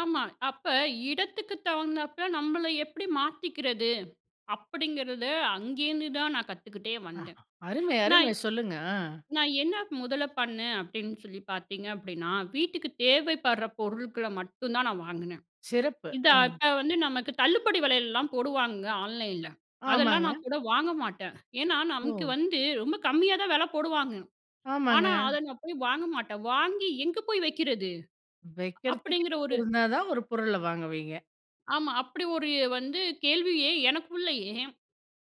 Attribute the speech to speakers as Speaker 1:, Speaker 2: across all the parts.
Speaker 1: ஆமா. அப்ப இடத்துக்கு தகுந்தாப்ல நம்மள எப்படி மாத்திக்கிறது, அப்படிங்கிறத அங்கேருந்துதான் நான் கத்துக்கிட்டே
Speaker 2: அ
Speaker 1: வந்தேன்.
Speaker 2: அருமை
Speaker 1: நான்
Speaker 2: அருமை சொல்லுங்க. ஆ.
Speaker 1: நான் என்ன முதல பண்ணேன் அப்படின்னு சொல்லி பார்த்தீங்க அப்படின்னா, வீட்டுக்கு தேவைப்படுற பொருட்கள மட்டும் தான் நான் வாங்கினேன்.
Speaker 2: சிறப்பு.
Speaker 1: இத
Speaker 2: அ,
Speaker 1: அத வந்து நமக்கு தள்ளுபடி வெலையெல்லாம் போடுவாங்கங்க ஆன்லைன்ல. அதெல்லாம்
Speaker 2: ஆமாங்க.
Speaker 1: நான் கூட வாங்க மாட்டேன். ஏன்னா, நமக்கு
Speaker 2: ஓ!
Speaker 1: வந்து ரொம்ப கம்மியா தான் வெல போடுவாங்க.
Speaker 2: ஆமாங்க.
Speaker 1: ஆனா, அத நான் போய் வாங்க மாட்டேன். "வாங்கி எங்கே போய் வக்கிறது?"
Speaker 2: வக்கிறதுக்கு
Speaker 1: அப்படிங்கிற ஒரு
Speaker 2: இருந்தா தான் ஒரு பொருள வாங்குவீங்க.
Speaker 1: ஆமா. அப்படி ஒரு வந்து கேள்வியே எனக்குள்ளேயே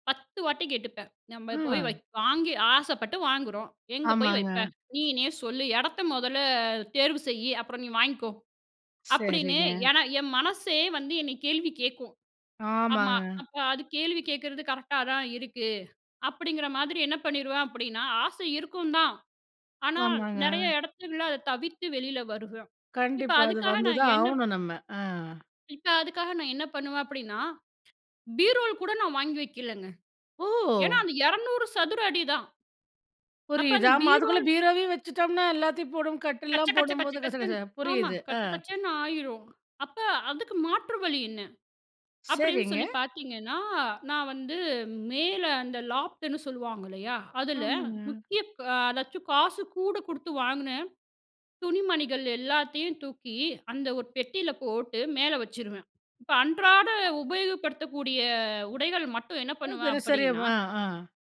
Speaker 1: 10 வாட்டி கேட்டுப்பேன். "நம்ம போய் வக்
Speaker 2: அ.
Speaker 1: வாங்கி ஆசைப்பட்டு வாங்குறோம் எங்கே போய்
Speaker 2: ஆமாங்க.
Speaker 1: வைப்பே? நீனே சொல்லு? எடத்த மொதல்ல அ தேர்வு செய்யி? அப்புறம் நீ வாங்கிக்கோ." அப்டின்னு
Speaker 2: சேரிங்க.
Speaker 1: ஏன்னா, என் மனசே வந்து என்னை கேள்வி கேட்கும். ஆமா.
Speaker 2: ஆமாங்க.
Speaker 1: அப்ப அது கேள்வி கேட்கிறது கரெக்ட்டா தான் இருக்கு, அப்டிங்கிற மாதிரி என்ன பண்ணிருவேன் அப்டின்னா, ஆசை இருக்கும் தான். ஆனா நெறைய
Speaker 2: ஆமாங்க.
Speaker 1: எடத்துல அத தவிர்த்து வெளில வருவேன். இப்ப
Speaker 2: கண்டிப்பா. அது
Speaker 1: அதுக்காக
Speaker 2: வந்து
Speaker 1: நான்
Speaker 2: தான்
Speaker 1: என்ன ப்
Speaker 2: ஆகணும் நம்ம. அ,
Speaker 1: இப்ப அதுக்காக நான் என்ன பண்ணுவேன் அப்டின்னா, பீரோல் கூட நான் வாங்கி வைக்கலங்க. ஏன்னா
Speaker 2: ஓ!
Speaker 1: அது 200 சதுர அடி தான், அப்ப
Speaker 2: புரியுது
Speaker 1: அந்த
Speaker 2: ஆமா அதுக்குள்ளே
Speaker 1: பீரோல்
Speaker 2: பீரோவையும் வச்சுட்டோம்னா, எல்லாத்தையும் போடும்
Speaker 1: கச்ச
Speaker 2: கட்டில்லேலாம்
Speaker 1: கச்ச கச்ச
Speaker 2: போடும்போது, கசகச
Speaker 1: கச்சன்னு,
Speaker 2: [unintelligible]
Speaker 1: ஆமா.
Speaker 2: புரியுது. ஆ.
Speaker 1: கச்ச கச்சன்னு ஆயிரும். அப்போ அதுக்கு மாற்று வழி என்ன? அப்டின்னு
Speaker 2: சேரிங்க.
Speaker 1: சொல்லி பார்த்தீங்கன்னா, நான் வந்து மேல அந்த லாப்ட்டுன்னு சொல்லுவாங்க இல்லையா? அதில
Speaker 2: ஆமாங்க.
Speaker 1: முக்கிய ப் அதாச்சும் காசு கூட கொடுத்து வாங்கின துணிமணிகள் எல்லாத்தையும் தூக்கி, அந்த ஒரு பெட்டியில போட்டு மேல வச்சுருவேன். இப்போ அன்றாட
Speaker 2: அ,
Speaker 1: உபயோகப்படுத்தக்கூடிய
Speaker 2: ம்.
Speaker 1: உடைகள் மட்டும் என்ன
Speaker 2: ஒரே
Speaker 1: பண்ணுவேன்
Speaker 2: தினசரி
Speaker 1: அப்படின்னா
Speaker 2: ஆ ஆ.